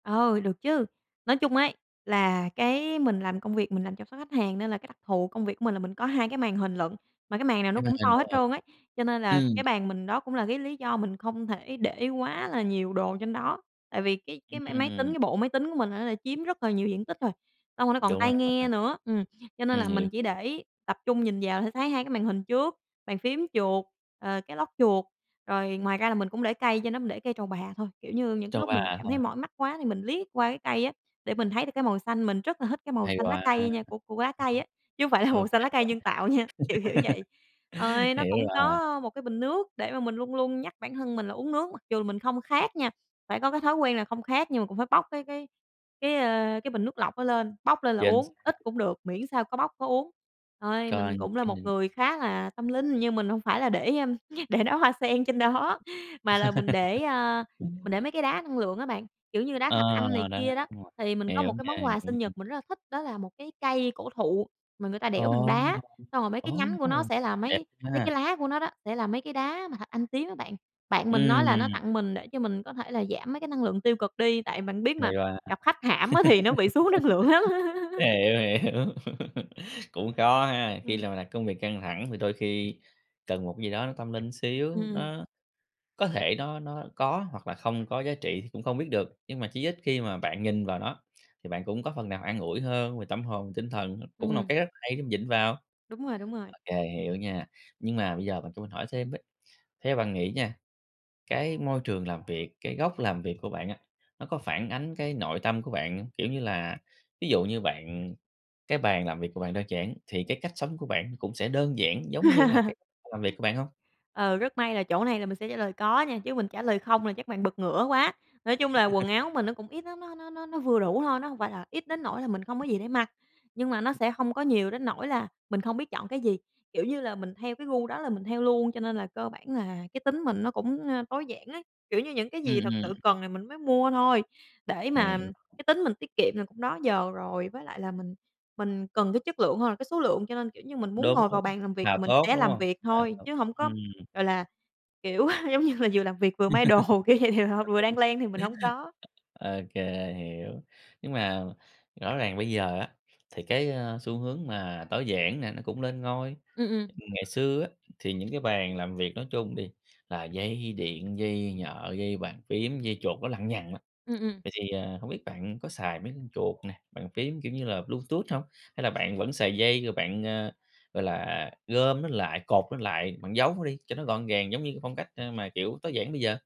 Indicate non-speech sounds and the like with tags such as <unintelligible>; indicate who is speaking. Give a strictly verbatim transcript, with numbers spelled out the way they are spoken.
Speaker 1: Ừ, được chứ. Nói chung ấy là cái mình làm công việc mình làm chăm sóc khách hàng, nên là cái đặc thù công việc của mình là mình có hai cái màn hình lận. Mà cái màn nào nó
Speaker 2: Cái màn
Speaker 1: cũng
Speaker 2: hình
Speaker 1: to
Speaker 2: to
Speaker 1: hết
Speaker 2: hả?
Speaker 1: trơn á, cho nên là
Speaker 2: Ừm.
Speaker 1: cái bàn mình đó cũng là cái lý do mình không thể để quá là nhiều đồ trên đó. Tại vì cái cái máy máy tính
Speaker 2: Ừm.
Speaker 1: cái bộ máy tính của mình á là chiếm rất là nhiều diện tích rồi, xong rồi nó còn
Speaker 2: Đúng rồi,
Speaker 1: tai
Speaker 2: màn
Speaker 1: nghe
Speaker 2: hình.
Speaker 1: nữa ừm, cho nên
Speaker 2: Ừm,
Speaker 1: là
Speaker 2: hiểu,
Speaker 1: mình chỉ
Speaker 2: hiểu.
Speaker 1: để tập trung nhìn vào sẽ thấy hai cái màn hình trước, bàn phím, chuột, à, cái lót chuột, rồi ngoài ra là mình cũng để cây trên đó, mình để cây trầu bà thôi, kiểu như, những cái
Speaker 2: Trầu
Speaker 1: lúc
Speaker 2: bà,
Speaker 1: mình cảm
Speaker 2: đúng
Speaker 1: thấy
Speaker 2: rồi.
Speaker 1: mỏi mắt quá thì mình liếc qua cái cây á, để mình thấy được cái màu xanh. Mình rất là thích cái màu
Speaker 2: Hay
Speaker 1: xanh lá
Speaker 2: quá!
Speaker 1: cây nha của của lá cây
Speaker 2: <unintelligible>
Speaker 1: á, chứ không phải là màu
Speaker 2: OK
Speaker 1: xanh lá cây nhân tạo nha, kiểu kiểu
Speaker 2: bạn.
Speaker 1: vậy. Ờ, nó
Speaker 2: Hiểu
Speaker 1: cũng
Speaker 2: rồi.
Speaker 1: có một cái bình nước để mà mình luôn luôn nhắc bản thân mình là uống nước mặc dù mình không khát nha, phải có cái thói quen là không khát nhưng mà cũng phải bốc cái cái cái, ơ, cái bình nước lọc đó lên, bốc lên là
Speaker 2: Chính x
Speaker 1: uống, ít cũng được, miễn sao có bốc có uống. Ơi, mình
Speaker 2: Còn
Speaker 1: cũng là
Speaker 2: cái
Speaker 1: một
Speaker 2: n
Speaker 1: người khá là tâm linh, nhưng mình hông phải là để để đoá hoa sen trên đó, mà là mình để,
Speaker 2: <laughs>
Speaker 1: a, mình để mấy cái đá năng lượng á bạn, kiểu như, đá
Speaker 2: Ờ,
Speaker 1: thạch anh này
Speaker 2: đấy,
Speaker 1: kia đó.
Speaker 2: đúng rồi.
Speaker 1: Thì mình có
Speaker 2: Hiểu
Speaker 1: một cái
Speaker 2: nha,
Speaker 1: món quà
Speaker 2: hiểu.
Speaker 1: sinh nhật mình rất là thích đó là một cái cây cổ thụ mà người ta
Speaker 2: Ờ.
Speaker 1: đẽo bằng đá, xong rồi mấy cái nhánh của nó
Speaker 2: Ô!
Speaker 1: sẽ là
Speaker 2: Đẹp
Speaker 1: mấy mấy
Speaker 2: ha!
Speaker 1: cái lá của nó đó sẽ là mấy cái đá mà thạch anh tím á bạn. Bạn mình nói là nó
Speaker 2: Ừm.
Speaker 1: tặng mình để cho mình có thể là giảm mấy cái năng lượng tiêu cực đi, tại bạn biết
Speaker 2: Hay
Speaker 1: mà
Speaker 2: quá!
Speaker 1: gặp khách hãm á thì nó bị xuống năng lượng lắm!
Speaker 2: <laughs>
Speaker 1: <laughs>
Speaker 2: Hiểu, hiểu. <laughs> Cũng khó ha, khi
Speaker 1: Ừm.
Speaker 2: là làm công việc căng thẳng thì đôi khi cần một cái gì đó nó tâm linh
Speaker 1: Ừm,
Speaker 2: xíu.
Speaker 1: ừm.
Speaker 2: Nó có thể nó nó có hoặc là không có giá trị thì cũng không biết được, nhưng mà chí ít khi mà bạn nhìn vào nó, thì bạn cũng có phần nào an ủi hơn về tâm hồn, tinh thần, cũng là một
Speaker 1: Ừm.
Speaker 2: cái rất hay để vịn vào.
Speaker 1: Đúng rồi, đúng rồi.
Speaker 2: Ô kê, hiểu nha, nhưng mà bây giờ bạn cho mình hỏi thêm với, theo bạn nghĩ nha, cái môi trường làm việc, cái góc làm việc của bạn á, nó có phản ánh cái nội tâm của bạn, kiểu như là, ví dụ như bạn cái bàn làm việc của bạn đơn giản, thì cái cách sống của bạn cũng sẽ đơn giản giống như là cái
Speaker 1: <laughs>
Speaker 2: làm việc của bạn hông?
Speaker 1: Ừ, rất may là chỗ này là mình sẽ trả lời "có" nha, chứ mình trả lời "không" là chắc bạn bật ngửa quá. Nói chung là quần
Speaker 2: <laughs>
Speaker 1: áo mình nó cũng ít lắm á, nó nó nó vừa đủ thôi, nó hông phải là ít đến nỗi là mình không có gì để mặc, nhưng mà nó
Speaker 2: <unintelligible>
Speaker 1: sẽ hông có nhiều đến nỗi là mình không biết chọn cái gì, kiểu như là, mình theo cái gu đó là mình theo luôn cho nên là cơ bản là cái tính mình nó cũng, a, tối giản á. Kiểu như, những cái
Speaker 2: Ừm,
Speaker 1: gì thật sự
Speaker 2: ừm.
Speaker 1: cần là mình mới mua thôi, để mà
Speaker 2: Hiểu.
Speaker 1: cái tính mình tiết kiệm là cũng đó giờ rồi, với lại là mình mình cần cái chất lượng hơn là cái số lượng, cho nên, kiểu như, mình muốn
Speaker 2: Đúng,
Speaker 1: ngồi vào
Speaker 2: đúng,
Speaker 1: bàn làm việc
Speaker 2: là
Speaker 1: mình
Speaker 2: tốt,
Speaker 1: sẽ
Speaker 2: đúng
Speaker 1: làm
Speaker 2: hông?
Speaker 1: việc
Speaker 2: Là
Speaker 1: thôi
Speaker 2: tốt,
Speaker 1: chứ hổng có,
Speaker 2: ừm.
Speaker 1: gọi là, kiểu, giống như là, vừa làm việc vừa may đồ,
Speaker 2: <laughs>
Speaker 1: <unintelligible> vừa đang
Speaker 2: <unintelligible>
Speaker 1: len thì mình hổng có.
Speaker 2: Ô kê, hiểu. Nhưng mà rõ ràng bây giờ á, thì cái, a, xu hướng mà tối giản nè nó cũng lên ngôi,
Speaker 1: Ừm, ừm.
Speaker 2: ngày xưa á, thì những cái bàn làm việc nói chung đi, là dây điện, dây nhợ, dây bàn phím, dây chuột nó lằng nhằng á.
Speaker 1: Ừm, ừm.
Speaker 2: Vậy thì, ờ, hông biết bạn có xài mấy con chuột nè, bàn phím kiểu như là Bluetooth hông? Hay là bạn vẫn xài dây rồi bạn, a, gọi là, gom nó lại, cột nó lại, bạn giấu nó đi cho nó gọn gàng giống như cái phong cách, a, mà, kiểu, tối giản bây giờ?